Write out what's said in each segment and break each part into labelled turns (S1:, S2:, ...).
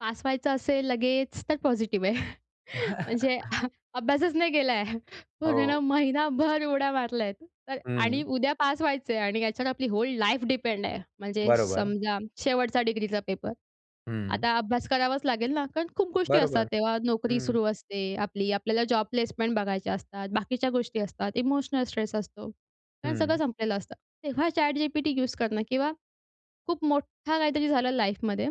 S1: Pass व्हायचं असेल लगेच तर पॉझिटिव्ह आहे. म्हणजे अभ्यासच नाही केला आहे, पूर्ण
S2: हो.
S1: महिनाभर उड्या मारल्या आहेत. तर आणि
S2: हं.
S1: उद्या पास व्हायचं आहे आणि याच्यावर आपली होल लाईफ डिपेंड आहे. म्हणजे
S2: बरोबर.
S1: समजा शेवटचा डिग्रीचा पेपर.
S2: हं.
S1: आता अभ्यास करावाच लागेल ना कारण खूप गोष्टी असतात.
S2: बरोबर,
S1: तेव्हा नोकरी
S2: हं.
S1: सुरू असते आपली. आपल्याला जॉब प्लेसमेंट बघायच्या असतात, बाकीच्या गोष्टी असतात. इमोशनल स्ट्रेस असतो कारण सगळं
S2: हं.
S1: संपलेलं असतं. तेव्हा ChatGPT यूज करणं किंवा खूप मोठा काहीतरी झालं लाईफमध्ये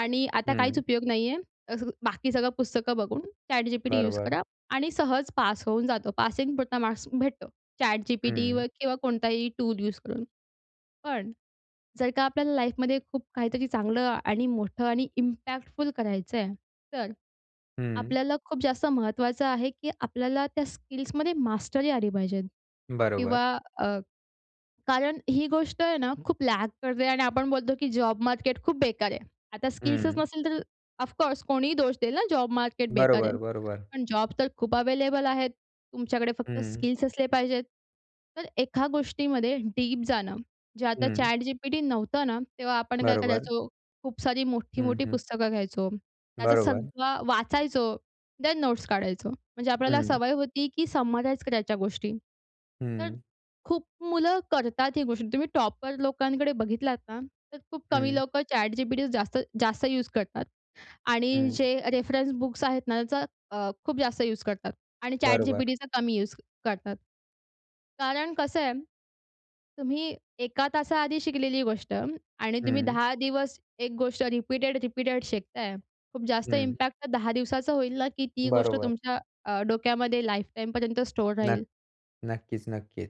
S1: आणि आता काहीच
S2: हं.
S1: उपयोग नाही आहे. अस बाकी सगळं पुस्तकं बघून, ChatGPT यूज
S2: बरोबर.
S1: करा आणि सहज पास होऊन जातो. पासिंगपुरता मार्क्स भेटतो. ChatGPT व
S2: हं.
S1: किंवा कोणताही टूल यूज करून. पण जर का आपल्याला लाईफमध्ये खूप काहीतरी चांगलं आणि मोठं आणि इम्पॅक्टफुल करायचं आहे तर
S2: हं.
S1: आपल्याला खूप जास्त महत्वाचं आहे, की आपल्याला त्या स्किल्समध्ये मास्टरी आली पाहिजे
S2: बरोबर.
S1: किंवा अ, कारण ही गोष्ट आहे ना, खूप लॅक करते आणि आपण बोलतो, की जॉब मार्केट खूप बेकार आहे. आता स्किल्सच
S2: हं.
S1: नसेल तर ऑफकोर्स कोणीही दोष देईल ना, जॉब मार्केट बेकार आहे.
S2: बरोबर, बरोबर.
S1: पण जॉब तर खूप अवेलेबल आहेत. तुमच्याकडे फक्त
S2: हं.
S1: स्किल्स असले पाहिजेत. तर एका गोष्टीमध्ये डीप जाणं, जे आता
S2: हं.
S1: ChatGPT नव्हतं ना तेव्हा आपण काय
S2: बरोबर.
S1: करायचो, खूप सारी
S2: हं,
S1: मोठी-मोठी
S2: हं.
S1: पुस्तकं घ्यायचो. त्याचं
S2: बरोबर.
S1: सगळं वाचायचो, थेन नोट्स काढायचो. म्हणजे आपल्याला
S2: हं.
S1: सवय होती, की समराइज करायच्या गोष्टी. तर
S2: हं.
S1: खूप मुलं करतात ही गोष्टी. तुम्ही टॉपर लोकांकडे बघितलात ना, तर खूप कमी
S2: हं.
S1: लोकं ChatGPT जास्त जास्त यूज करतात आणि
S2: हं.
S1: जे रेफरन्स बुक्स आहेत ना, त्याचा अ, खूप जास्त यूज करतात आणि
S2: बरोबर.
S1: ChatGPTचा कमी यूज करतात. कारण कसं आहे तुम्ही एका तासा आधी शिकलेली गोष्ट आणि तुम्ही
S2: हं.
S1: 10 दिवस एक गोष्ट रिपीटेड-रिपीटेड शिकताय. खूप जास्त
S2: हं.
S1: इम्पॅक्ट त्या 10 दिवसाचं होईल ना, की ती गोष्ट
S2: बरोबर.
S1: तुमच्या अ, डोक्यामध्ये लाईफ टाईम पर्यंत स्टोअर
S2: नक्क
S1: राहील.
S2: नक्कीच, नक्कीच.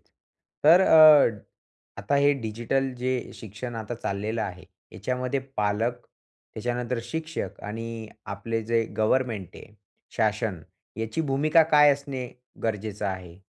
S2: तर अ, आता हे डिजिटल जे शिक्षण आता चाललेलं आहे, याच्यामध्ये पालक, त्याच्यानंतर शिक्षक आणि आपले जे गव्हर्नमेंट आहे, शासन, याची भूमिका काय असणे गरजेचं आहे?